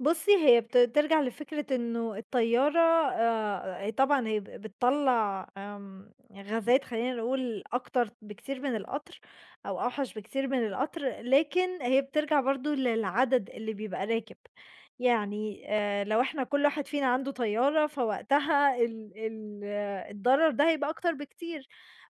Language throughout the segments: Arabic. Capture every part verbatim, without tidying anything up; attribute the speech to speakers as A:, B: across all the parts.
A: بُصّي، هي بت ترجَع لفِكرة إنّه الطيارة آآ، أ طبعًا هي ب بتطلّع آمم غازات خلّينا نقول أكتر بكتير من القطر أو أوحَش بكتير من القطر، لكن هي بترجَع برضه للعدد اللي بيبقى راكب، يعني آآ لو إحنا كلّ واحد فينا عنده طيارة فوقتها ال ال الضرر ده هيبقى أكتر بكتير،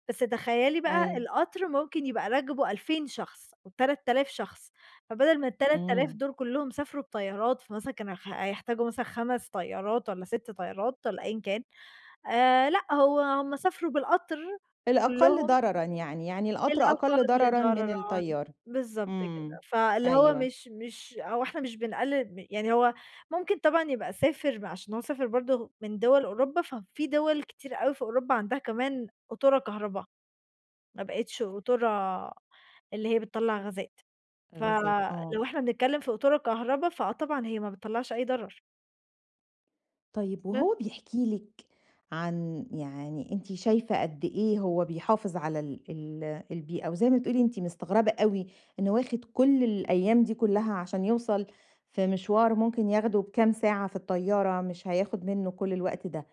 A: بس تخيّلي بقى
B: أيوه.
A: القطر ممكن يبقى راكبه ألفين شخص أو تلات آلاف شخص، فبدل ما التلات آلاف
B: إمم.
A: دُول كلّهم سافروا بطيارات، فمثلًا كانوا خ هيحتاجوا مثلًا خَمس طيارات والّا سِت طيارات والّا أيًا كان آآ لأ، هو هُم سافروا بالقطر
B: الأقل
A: كلّهم.
B: ضررًا يعني، يعني القطر
A: الأقل
B: أقل ضررًا من
A: ضررًا،
B: الطيارة.
A: بالضبط كده.
B: إمم.
A: فاللي هو
B: أيوه.
A: مش مش هو إحنا مش بنقلّل م يعني هو ممكن طبعًا يبقى سافر بقى عشان هو سافر برضه من دُوَل أوروبا ففي دُوَل كتير أوي في أوروبا عندها كمان قطورة كهربا، ما بقِتش قطورة اللي هي بتطلّع غازات.
B: غازات، آه.
A: فلو إحنا بنتكلّم في قطورة كهربا، فآه طبعًا هي ما بتطلّعش أي ضرر.
B: طيب
A: بس.
B: وهو بيحكي لِك عن يعني أنتِ شايفة قد إيه هو بيحافظ على ال ال البيئة وزي ما بتقولي أنتِ مستغربة أوي إنّه واخِد كلّ الأيام دي كلّها عشان يوصَل في مشوار ممكن ياخده بكام ساعة في الطيارة مش هياخد منُّه كلّ الوقت ده،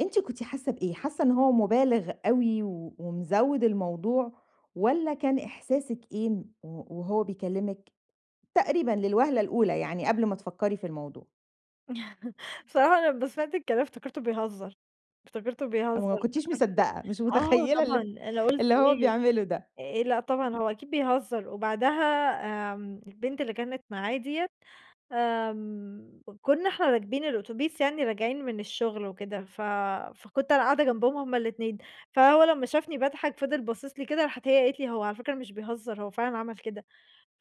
B: أنتِ كنتِ حاسّة بإيه؟ حاسّة إن هو مُبالِغ أوي و ومزوّد الموضوع والّا كان إحساسِك إيه ن و وهو بيكلّمِك تقريبًا للوهلة الأولى، يعني قبْل ما تفكّري في الموضوع؟
A: بصراحة أنا لمّا سمِعت الكلام افتكرته بيهزّر، افتكرته
B: يعني
A: بيهزّر،
B: ما كنتيش
A: افتكرته
B: مصدّقة، مش
A: آه
B: متخيّلة
A: طبعًا،
B: ال
A: أنا قُلت
B: اللي هو
A: إيه
B: بيعمله ده.
A: آآ، لأ، طبعًا هو أكيد بيهزّر وبعدها آمم البنت اللي كانت معاه دِيّة آمم، ك كنّا إحنا راكبين الأوتوبيس يعني راجعين من الشُغل وكده ف فكنت أنا قاعدة جنبهم هُم الإتنين، فهو لمّا شافني باضحَك فضِل باصص لي كده، راحت هي قالت لي: "هو على فكرة مش بيهزّر، هو فعلًا عمل كده."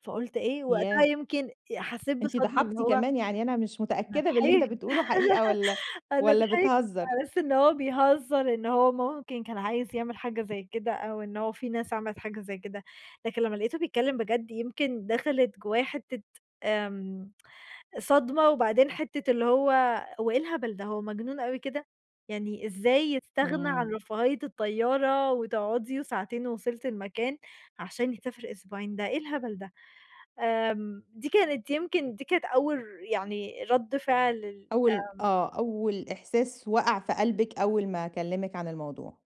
A: فقُلت إيه وقتها،
B: ياه!
A: يمكن آآ حسّيت
B: أنتِ
A: بصدمة إن
B: ضحكتِ
A: هو
B: كمان يعني أنا مش
A: أنا
B: متأكدة باللي أنتِ
A: ضحِكت
B: بتقوله حقيقة والّا،
A: أنا
B: والّا
A: ضحِكت
B: بتهزّر.
A: على أساس إن هو بيهزّر، إن هو ممكن كان عايز يعمل حاجة زي كده أو إن هو في ناس عملِت حاجة زي كده، لكن لمّا لقيته بيتكلّم بجد يمكن دخلِت جوّايا حِتّة آمم صدمة وبعدين حِتّة اللي هو، هو إيه الهبل ده؟! هو مجنون أوي كده؟! يعني إزاي يستغنى عن
B: إمم.
A: رفاهية الطيارة وتقعُدي وساعتين ووصلتِ المكان عشان يسافر أسبوعين، ده إيه الهبل ده؟! آمم دي كانت يمكن دي كانت أول ر يعني رَد فعل ال
B: أول
A: آمم
B: آه، أول إحساس وقَع في قلبِك أول ما كلّمِك عن الموضوع.